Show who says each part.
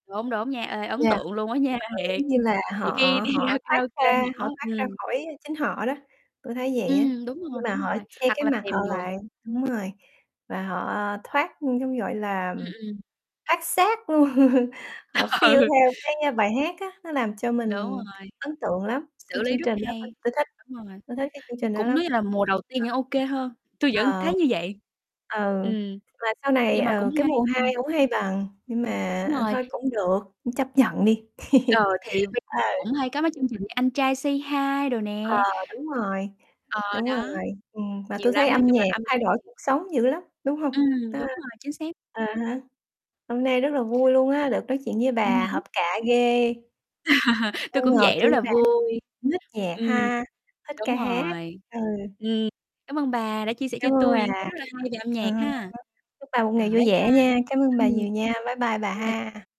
Speaker 1: Đúng, đúng nha, ê, ấn
Speaker 2: Yeah,
Speaker 1: tượng luôn á nha,
Speaker 2: ờ,
Speaker 1: thiệt,
Speaker 2: giống như là, họ
Speaker 1: nhiều khi đi
Speaker 2: họ
Speaker 1: ra
Speaker 2: thoát
Speaker 1: karaoke
Speaker 2: ra họ
Speaker 1: mở
Speaker 2: thoát ra
Speaker 1: ừm.
Speaker 2: khỏi chính họ đó, tui thấy vậy á,
Speaker 1: Ừm, đúng
Speaker 2: khi
Speaker 1: rồi,
Speaker 2: mà
Speaker 1: đúng
Speaker 2: họ
Speaker 1: rồi,
Speaker 2: che
Speaker 1: hoặc
Speaker 2: cái
Speaker 1: là
Speaker 2: mặt họ
Speaker 1: tìm được.
Speaker 2: lại đúng rồi, và họ, ờ, thoát, ưm, giống, gọi là,
Speaker 1: Ừm,
Speaker 2: ừm,
Speaker 1: ừm.
Speaker 2: thoát xác luôn, họ feel
Speaker 1: Ừ.
Speaker 2: theo cái, a, bài hát á, nó làm cho
Speaker 1: Đúng
Speaker 2: mình
Speaker 1: rồi.
Speaker 2: ấn tượng lắm,
Speaker 1: Xử
Speaker 2: cái
Speaker 1: lý
Speaker 2: chương
Speaker 1: rất
Speaker 2: trình đó tôi
Speaker 1: hay,
Speaker 2: tôi thích,
Speaker 1: đúng rồi,
Speaker 2: tôi thích cái chương
Speaker 1: thì
Speaker 2: trình đó
Speaker 1: cũng
Speaker 2: lắm.
Speaker 1: nói như là mùa đầu tiên
Speaker 2: Ờ,
Speaker 1: vẫn ô
Speaker 2: ừm.
Speaker 1: kê hơn, tui vẫn
Speaker 2: Ờ.
Speaker 1: thấy như vậy.
Speaker 2: Ừ,
Speaker 1: Ừm,
Speaker 2: và sau này,
Speaker 1: nhưng mà cũng
Speaker 2: ừ, cái
Speaker 1: hay,
Speaker 2: mùa
Speaker 1: ừm.
Speaker 2: 2 hổng hay bằng, nhưng mà,
Speaker 1: Đúng
Speaker 2: à,
Speaker 1: rồi.
Speaker 2: thôi cũng được, chấp nhận đi.
Speaker 1: Ờ, thì bây giờ
Speaker 2: Ờ.
Speaker 1: cũng hay có mấy chương trình như Anh trai "say hi" đồ
Speaker 2: Ờ,
Speaker 1: nè.
Speaker 2: đúng rồi,
Speaker 1: Ờ,
Speaker 2: đúng rồi,
Speaker 1: đó,
Speaker 2: ừm, mà
Speaker 1: nhiều
Speaker 2: tôi thấy
Speaker 1: lắm. Nói
Speaker 2: âm
Speaker 1: chung là
Speaker 2: nhạc
Speaker 1: âm
Speaker 2: thay
Speaker 1: nhạc
Speaker 2: đổi
Speaker 1: thì
Speaker 2: cuộc sống dữ lắm, đúng hông?
Speaker 1: Ừm, đúng
Speaker 2: [unintelligible]
Speaker 1: rồi, chính xác.
Speaker 2: à há. Hôm nay rất là vui luôn á, được nói chuyện với
Speaker 1: Ừm
Speaker 2: bà
Speaker 1: hứm.
Speaker 2: hợp cạ ghê.
Speaker 1: Tui
Speaker 2: Không
Speaker 1: cũng
Speaker 2: ngờ
Speaker 1: vậy, rất
Speaker 2: tui với
Speaker 1: là
Speaker 2: bà
Speaker 1: vui.
Speaker 2: cũng ních nhạc
Speaker 1: Ừm,
Speaker 2: ha, thích ca
Speaker 1: đúng
Speaker 2: hát,
Speaker 1: rồi,
Speaker 2: ừ.
Speaker 1: ừm, cám ơn bà đã chia sẻ cho
Speaker 2: Cám ơn
Speaker 1: tui
Speaker 2: bà,
Speaker 1: những cái
Speaker 2: à
Speaker 1: rất là hay về âm nhạc
Speaker 2: há,
Speaker 1: ha.
Speaker 2: chúc bà một
Speaker 1: Ờ,
Speaker 2: ngày vui
Speaker 1: bye bye.
Speaker 2: vẻ nha, cám ơn bà
Speaker 1: Ừm.
Speaker 2: nhiều nha, bye bye bà
Speaker 1: [unintelligible]
Speaker 2: ha.